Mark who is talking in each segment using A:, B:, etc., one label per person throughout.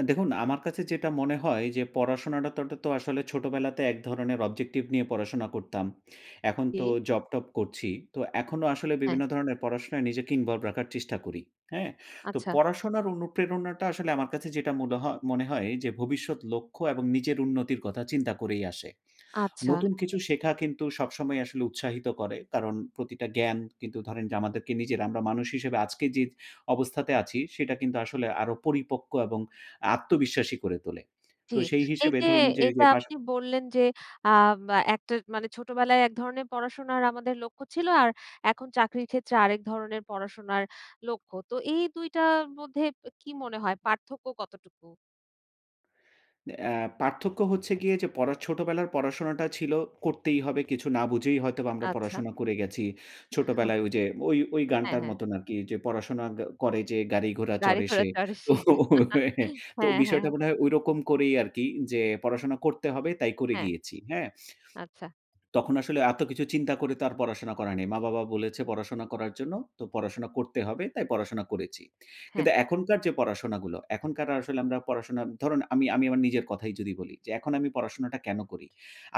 A: আ দেখুন আমার কাছে যেটা মনে হয় যে পড়াশোনাটা তো তো আসলে ছোটবেলাতে এক ধরনের অবজেক্টিভ নিয়ে পড়াশোনা করতাম। এখন তো
B: জি।
A: জব-টব করছি। তো এখনো আসলে
B: হ্যাঁ।
A: বিভিন্ন ধরনের পড়াশোনায় নিজেকে ইনভলভ রাখার চেষ্টা করি। হ্যাঁ? তো
B: আচ্ছা।
A: পড়াশোনার অনুপ্রেরণাটা আসলে আমার কাছে যেটা মুলহ মনে হয় যে ভবিষ্যৎ লক্ষ্য এবং নিজের উন্নতির কথা চিন্তা করেই আসে।
B: আচ্ছা।
A: নতুন কিছু শেখা কিন্তু সবসময় আসলে উৎসাহিত করে কারণ প্রতিটা জ্ঞান কিন্তু ধরেন যে আমাদেরকে নিজেরা মানুষ হিসেবে আজকে যে অবস্থাতে আছি সেটা কিন্তু আসলে আরো পরিপক্ক এবং আত্মবিশ্বাসী করে তোলে।
B: জি।
A: তো সেই হিসেবে
B: এইযে
A: ধরুন যে ওই
B: এইযে
A: যে পাস
B: আপনি বললেন যে আ মা একটা মানে ছোটবেলায় এক ধরনের পড়াশোনার আমাদের লক্ষ্য ছিল। আর এখন চাকরির ক্ষেত্রে আরেক ধরনের পড়াশোনার লক্ষ্য। তো এই ২ টার মধ্যে কি মনে হয় পার্থক্য কতটুকু?
A: অ্যা পার্থক্য হচ্ছে গিয়ে যে পরা ছোটবেলার পড়াশোনাটা ছিল করতেই হবে কিছু না বুঝেই হয়তোবা আমরা
B: আচ্ছা।
A: পড়াশোনা করে গেছি।
B: [unintelligible]
A: ছোটবেলায় ওইযে ওই ওই
B: হ্যাঁ,
A: গানটার
B: হ্যাঁ।
A: মতন আরকি যে পড়াশোনা করে গ যে গাড়িঘোড়া
B: গাড়ি
A: চড়ে
B: ঘোড়া
A: সে।
B: চড়ে
A: তো
B: সে।
A: তো
B: হ্যাঁ, হ্যাঁ।
A: বিষয়টা মনে হয় ঐরকম করেই আরকি যে পড়াশোনা করতে হবে তাই করে
B: হ্যাঁ।
A: গিয়েছি। হ্যাঁ?
B: আচ্ছা।
A: তখন আসলে এত কিছু চিন্তা করে তো আর পড়াশোনা করা নেই। মা-বাবা বলেছে পড়াশোনা করার জন্য। তো পড়াশোনা করতে হবে। তাই পড়াশোনা করেছি।
B: হ্যাঁ।
A: কিন্তু এখনকার যে পড়াশোনাগুলো এখনকার আসলে আমরা পড়াশোনা ধরুন আমি আমি আমার নিজের কথাই যদি বলি যে এখন আমি পড়াশোনাটা কেনো করি?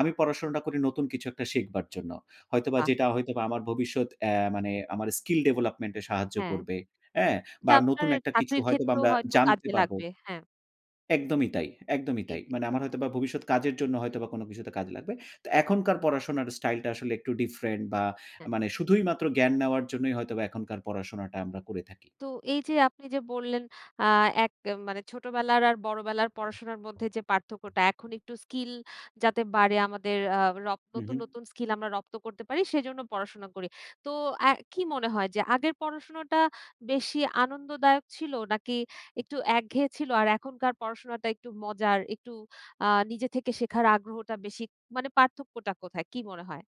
A: আমি পড়াশোনাটা করি নতুন কিছু একটা শিখবার জন্য। হয়তোবা
B: আ
A: যেটা হয়তোবা আমার ভবিষ্যৎ অ্যা মানে আমার স্কিল ডেভেলপমেন্ট এ সাহায্য
B: হ্যাঁ।
A: করবে। হ্যাঁ?
B: এটা
A: বা
B: আপনার
A: নতুন একটা কিছু
B: চাকরির
A: হয়তোবা
B: ক্ষেত্রেও
A: আমরা
B: হয়তো
A: জানতে
B: কাজে
A: পারবো।
B: লাগবে, হ্যাঁ।
A: একদমই তাই, একদমই
B: জি,
A: তাই।
B: জি।
A: মানে আমার হয়তোবা ভবিষ্যৎ কাজের জন্য
B: হুম।
A: হয়তোবা কোনো কিছুতে কাজ লাগবে। তো
B: হুম।
A: এখনকার পড়াশোনার স্টাইল টা আসলে একটু ডিফারেন্ট বা
B: হ্যাঁ।
A: মানে শুধুই মাত্র জ্ঞান নেওয়ার জন্যই হয়তোবা এখনকার পড়াশোনাটা আমরা করে থাকি।
B: তো এই যে আপনি যে বললেন আ এক মানে ছোটবেলার আর বড়বেলার পড়াশোনার মধ্যে যে পার্থক্যটা এখন একটু স্কিল যাতে বাড়ে আমাদের আ র
A: হু,
B: নতুন,
A: হু।
B: নতুন স্কিল আমরা রপ্ত করতে পারি সেজন্য পড়াশোনা করি। তো আ কি মনে হয় যে আগের পড়াশোনাটা বেশি আনন্দদায়ক ছিল নাকি একটু একঘেয়ে ছিল আর এখনকার পড়াশোনাটা একটু মজার একটু আ নিজে থেকে শেখার আগ্রহটা বেশি মানে পার্থক্যটা কোথায়? কি মনে হয়?